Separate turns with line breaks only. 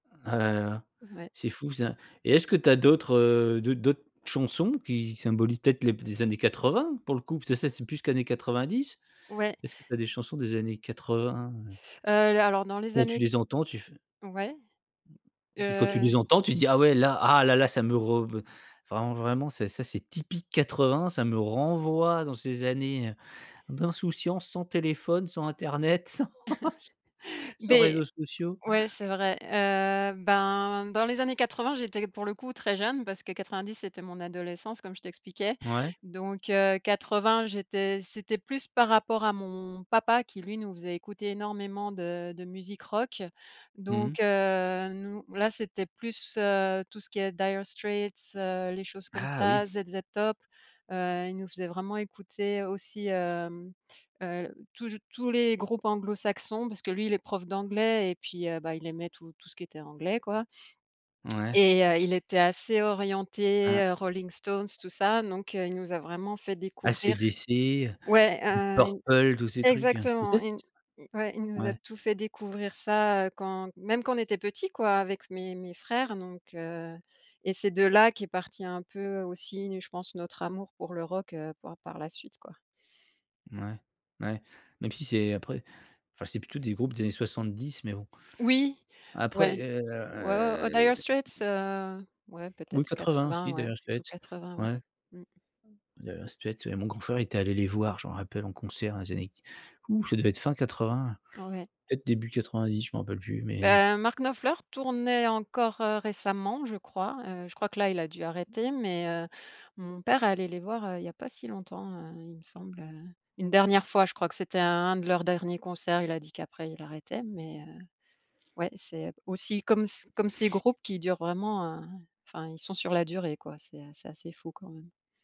Ah là là,
Ouais.
c'est fou ça et est-ce que tu as d'autres, heu, d'autres d'autres chansons, qui symbolisent peut-être les b des années 80 pour le coup? Parce que ça, c'est plus qu'années 90.
Ouais.
Est-ce que tu as des chansons des années 80? Heu
Heu, l alors dans les
quand tu
années
les entends, tu fais
ouais.
et puis, quand tu
Heu
les entends, tu dis: «Ah ouais là ah là là ça me re v enfin vraiment ça, c'est c'est typique 80, ça me renvoie dans ces années, heu, d'insouciance sans téléphone, sans internet, sans s sans
Beh
réseaux sociaux».
ouais, c'est vrai. Heu, ben, dans les années 80 j'étais pour le coup très jeune. Parce que 90, c'était mon adolescence, comme je t'expliquais
Ouais.
donc heu, 80, j'étais c'était plus par rapport à mon papa, qui lui, nous faisait écouter énormément de de musique rock
Mmh.
donc heu, nous là c'était plus, heu, tout ce qui est Dire Streets, heu, les choses comme
Ah oui.
ça. ZZ Top, heu, il nous faisait vraiment écouter aussi, hem heu, toujou tous les groupes anglo-saxons, parce que lui il est prof d'anglais et puis, heu, bah il aimait tout tout ce qui était anglais quoi
Ouais.
et heu, il était assez
Hein.
orienté, Rolling Stones, tout ça, donc heu, il nous a vraiment fait
AC
découvrir.
DC,
Ouais,
Deep
heu,
Purple tous ces trucs, heu, tu sais
exactement,
s
ils nous ouais il nous a
ouais.
tout fait découvrir ça, heu, quand même quand on était petits quoi, avec mes mes frères donc heu, et c'est de là, qu'est parti un peu aussi une je pense notre amour pour le rock, heu, par par la suite quoi.
Mouais. Mouais, même si c'est après enfin, c'est plutôt des groupes des années 70, mais bon
Oui!
après
Ouais,
et heu,
ouais, ouais, heu, Dire
m
Straits?
m
Heu, ouais peut
oui
être
quatre
quatre
vingt
vingt,
aussi,
ouais,
Dire
plutôt
Straits,
80, ouais.
ouais.
Mmh.
Dire Straits, ouais, mon grand frère était allé les voir, je m'en rappelle en concert dans les années q ouh! Ça devait être fin 80,
Ouais.
peut-être début 90, je m'en rappelle plus, mais
Beh, Mark Knopfler, tournait encore, heu, récemment je crois. Heu, je crois que là, il a dû
Mmh
arrêter mais, heu, mon père allait les voir, heu, il y pas si longtemps, heu, il me semble, heu. Une dernière fois je crois que c'était un un de leurs derniers concerts, il a dit qu'après, il arrêtait mais heu, ouais c'est aussi comme c comme c'est groupes qui durent vraiment, heu fin, ils sont sur la durée quoi, c'est, heu, c'est assez fou quand même!